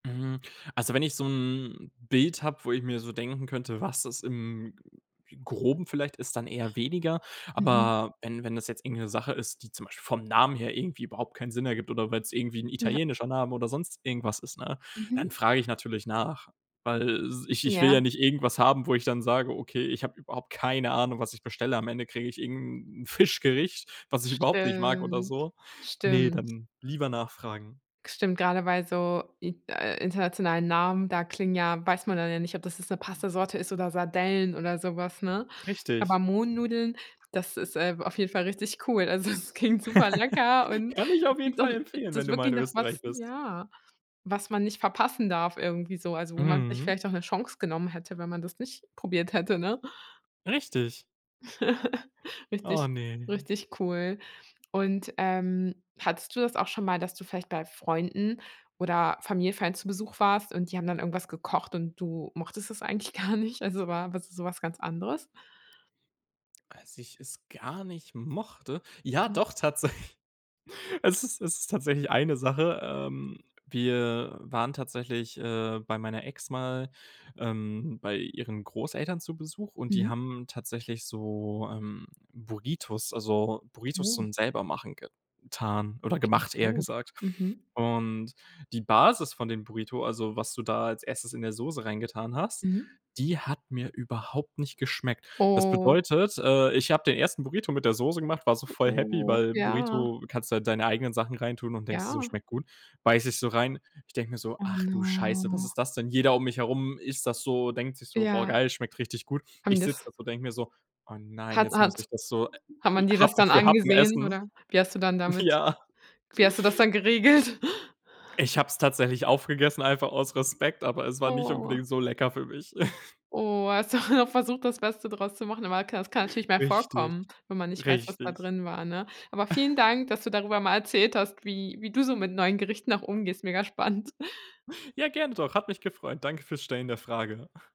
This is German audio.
Hm. Also wenn ich so ’n Bild habe, wo ich mir so denken könnte, was es im Groben vielleicht ist, dann eher weniger. Mhm. Aber wenn wenn das jetzt irgend 'ne Sache ist, die zum Beispiel vom Namen her irgendwie überhaupt keinen Sinn ergibt, oder weil’s irgendwie 'n Ja. italienischer Name oder sonst irgendwas ist, ne, dann Mhm. frage ich natürlich nach, weil s ich ich will ja Ja. nicht irgendwas haben, wo ich dann sage: „Okay, ich habe überhaupt keine Ahnung, was ich bestelle.“ Am Ende kriege ich irgend ’n 'n Fischgericht, was ich überhaupt nicht mag oder Stimmt. so. Ne, Stimmt. dann lieber nachfragen. Stimmt, gerade weil so in äh, internationalen Namen, da klingen ja weiß man dann ja nicht, ob das jetzt 'ne Pasta-Sorte ist oder Sardellen oder so was, ne? Richtig. Aber Mohnnudeln, das ist, äh, auf jeden Fall richtig cool. Also, es klingt super lecker und Kann ich auf das jeden klingt doch Fall empfehlen, wenn [unintelligible] du mal wirklich in nach Österreich was bist. ja. Was man nicht verpassen darf irgendwie so, also wo man sich Mhm. vielleicht auch 'ne Chance genommen hätte, wenn man das nicht probiert hätte, ne? Richtig. Oh, Richtig ne. richtig cool. Und, ähm, hattest du das auch schon mal, dass du vielleicht bei Freunden oder Familienfeiern zu Besuch warst und die haben dann irgendwas gekocht und du mochtest es eigentlich gar nicht? Also war was so was ganz anderes? Als ich es gar nicht mochte? Ja, Mhm. doch tatsä Es ist es ist tatsächlich eine Sache, ähm. Wir waren tatsächlich, äh, bei meiner Ex mal, ähm, bei ihren Großeltern zu Besuch, und die Mhm. haben tatsächlich so, ähm, Burritos, also Burritos Oh. zum Selbermachen getan oder Klingt gemacht, eher gut, gesagt. mhm. Und die Basis von den Burrito, also was du da als Erstes in der Soße reingetan hast, Mhm. die hat mir überhaupt nicht geschmeckt. Das Oh. bedeutet, äh, ich habe den ersten Burrito mit der Soße gemacht, war so voll happy, Oh. weil Ja. Burrito kannst du halt deine eigenen Sachen reintun und denkst dir so: Ja. „Schmeckt gut.“ Beiße ich so rein. Ich denke mir so: Oh „Ach du Scheiße, was no. ist das denn?“ Jeder um mich herum isst das so, denkt sich so: „Boah, Ja. geil, schmeckt richtig gut.“ Haben Ich sitze das da so, denke mir so: „Oh nein, Hat jetzt muss hat's ich das so hat man dir das Happen dann für Happen angesehen, essen.“ oder wie hast du das dann damit Ja. wie hast du das dann geregelt? Ich hab’s tatsächlich aufgegessen, einfach aus Respekt, aber es war nicht Oh. unbedingt so lecker für mich. Oh. Hast du noch versucht, das Beste draus zu machen, aber ka das kann natürlich mal Richtig, vorkommen, wenn man nicht weiß, was da richtig. drin war, ne? Aber vielen Dank, dass du darüber mal erzählt hast, wie wie du so mit neuen Gerichten noch umgehst. Mega spannend. Ja, gerne doch, hat mich gefreut. Danke fürs Stellen der Frage.